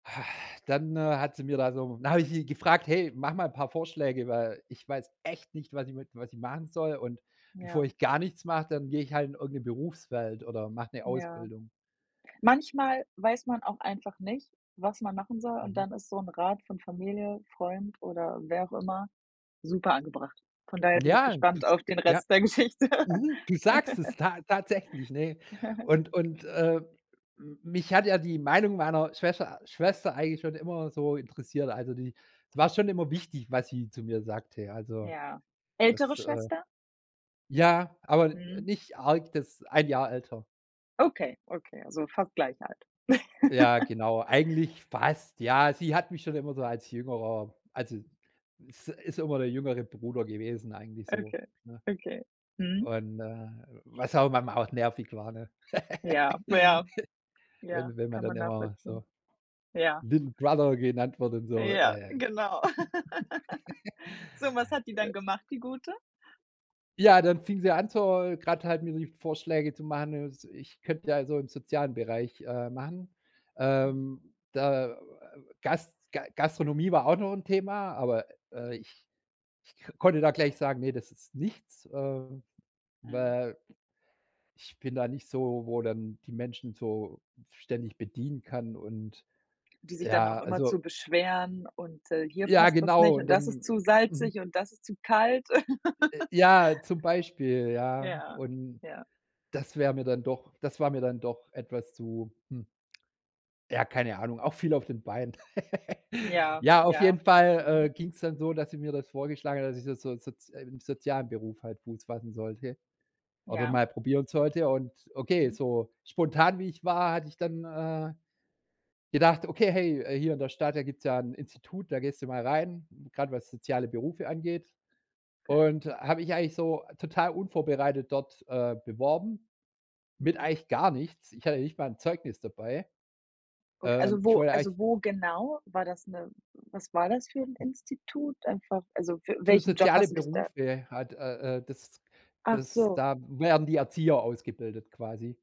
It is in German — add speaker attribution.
Speaker 1: Ha, dann, äh, hat sie mir da so dann habe ich sie gefragt: „Hey, mach mal paar Vorschläge, weil ich weiß echt nicht, was ich mit was ich machen soll und bevor
Speaker 2: Ja.
Speaker 1: ich gar nichts mache, dann gehe ich halt in irgend 'ne Berufswelt oder mache 'ne
Speaker 2: Ja.
Speaker 1: Ausbildung.“
Speaker 2: Manchmal weiß man auch einfach nicht, was man machen soll und
Speaker 1: Mhm.
Speaker 2: dann ist so 'n Rat von Familie, Freund oder wer auch immer super angebracht. Von daher bin ich
Speaker 1: Ja,
Speaker 2: gespannt
Speaker 1: das
Speaker 2: auf den
Speaker 1: ja.
Speaker 2: Rest der Geschichte.
Speaker 1: Mhm, du sagst es ta tatsächlich, ne, und und, äh, m mich hat ja die Meinung meiner Schwescher Schwester eigentlich schon immer so interessiert, also die es war schon immer wichtig, was sie zu mir sagte, ja also
Speaker 2: Ja. Ältere
Speaker 1: das, äh
Speaker 2: Schwester?
Speaker 1: ja, aber, äh,
Speaker 2: Mhm.
Speaker 1: nicht arg das 1 Jahr älter.
Speaker 2: Okay, okay, also fast gleich alt.
Speaker 1: Ja, genau eigentlich fast, ja. Sie hat mich schon immer so als Jüngerer also ist ist immer der jüngere Bruder gewesen eigentlich so,
Speaker 2: Okay,
Speaker 1: ne?
Speaker 2: okay, mhm.
Speaker 1: Und, äh, was auch manchmal auch nervig war, ne,
Speaker 2: Ja, ja. Ja,
Speaker 1: wenn wenn man
Speaker 2: kann
Speaker 1: dann
Speaker 2: man
Speaker 1: immer
Speaker 2: nachvollziehen.
Speaker 1: so
Speaker 2: Ja.
Speaker 1: little brother genannt wird und so, äh.
Speaker 2: Ja,
Speaker 1: Äh.
Speaker 2: genau. So, was hat die dann gemacht, die Gute?
Speaker 1: Ja, dann fing sie an, zur grad halt mir die Vorschläge zu machen, ne, s ich könnte ja so im sozialen Bereich, äh, machen.
Speaker 2: Hm.
Speaker 1: Ähm, da, äh, Gas Ga Gastronomie war auch noch 'n Thema, aber, äh, ich ich k konnte da gleich sagen: „Ne, das ist nichts“, äh,
Speaker 2: Mhm.
Speaker 1: weil, ich bin da nicht so, wo dann die Menschen so ständig bedienen kann und
Speaker 2: Die sich dann auch
Speaker 1: ja, also
Speaker 2: immerzu beschweren und, äh, hier
Speaker 1: Ja,
Speaker 2: passt das nicht
Speaker 1: genau und
Speaker 2: und das ist
Speaker 1: dann
Speaker 2: zu salzig
Speaker 1: mhm.
Speaker 2: und das ist zu kalt.
Speaker 1: Äh, ja, zum Beispiel, ja,
Speaker 2: Ja,
Speaker 1: und
Speaker 2: ja.
Speaker 1: das wäre mir dann doch das war mir dann doch etwas zu hm ja, keine Ahnung, auch viel auf den Beinen.
Speaker 2: Ja,
Speaker 1: Ja, auf
Speaker 2: ja,
Speaker 1: jeden Fall,
Speaker 2: mhm.
Speaker 1: äh, ging's dann so, dass sie mir das vorgeschlagen hat, dass ich so so soz äh, im sozialen Beruf halt Fuß fassen sollte oder
Speaker 2: Ja.
Speaker 1: mal probieren sollte und okay,
Speaker 2: Mhm.
Speaker 1: so spontan wie ich war, hatte ich dann, äh, gedacht: „Okay, hey, äh, hier in der Stadt, da gibt's ja 'n Institut, da gehst du mal rein, grad was soziale Berufe angeht.“,
Speaker 2: Okay.
Speaker 1: und habe mich eigentlich so total unvorbereitet dort, äh, beworben, mit
Speaker 2: Mhm.
Speaker 1: eigentlich gar nichts. Ich hatte nicht mal 'n Zeugnis dabei.
Speaker 2: Ok
Speaker 1: Ähm,
Speaker 2: also,
Speaker 1: ich
Speaker 2: wo
Speaker 1: wollte eigentlich
Speaker 2: also, wo genau? War das 'ne was war das für 'n Institut, einfach also für
Speaker 1: Für
Speaker 2: welchen Job
Speaker 1: soziale
Speaker 2: hast du dich da
Speaker 1: Berufe halt, äh, äh, das
Speaker 2: Ach
Speaker 1: das
Speaker 2: so.
Speaker 1: da werden die Erzieher ausgebildet quasi.